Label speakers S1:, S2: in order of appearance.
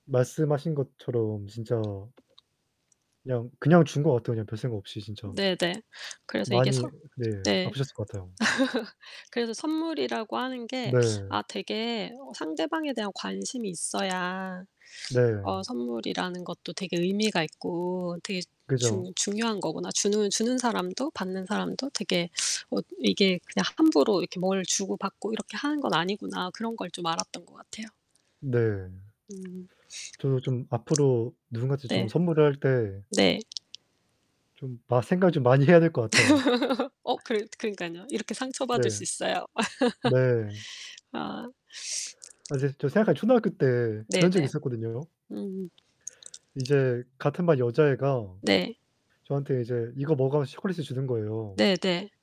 S1: 말씀하신 것처럼 진짜 그냥, 그냥 준 것 같아요. 그냥 별 생각 없이 진짜.
S2: 네 네. 그래서 이게
S1: 많이
S2: 선
S1: 네.
S2: 네.
S1: 아프셨을 것 같아요.
S2: 그래서 '선물이라고 하는 게
S1: 네.
S2: 아 되게 어 상대방에 대한 관심이 있어야 어
S1: 네.
S2: 선물이라는 것도 되게 의미가 있고 되게
S1: 그죠.
S2: 중 중요한 거구나. 주는, 주는 사람도 받는 사람도 되게 어 이게 그냥 함부로 이렇게 뭘 주고받고 이렇게 하는 건 아니구나.' 그런 걸 좀 알았던 것 같아요.
S1: 네.
S2: 음.
S1: 저도 좀 앞으로 누군가한테 좀
S2: 네.
S1: 선물을 할 때
S2: 네.
S1: 좀 마 생각을 좀 많이 해야 될 것 같아요.
S2: 어 그러 그러니깐요. 이렇게 상처 받을
S1: 네.
S2: 수 있어요.
S1: 네.
S2: 아.
S1: 아 이제 저 생각하면 초등학교 때
S2: 네
S1: 그런 적이
S2: 네.
S1: 있었거든요 요.
S2: 음.
S1: 이제 같은 반 여자애가
S2: 네.
S1: 저한테 이제 "이거 먹어." 하면서 초콜릿을 주는 거예요.
S2: 네 네.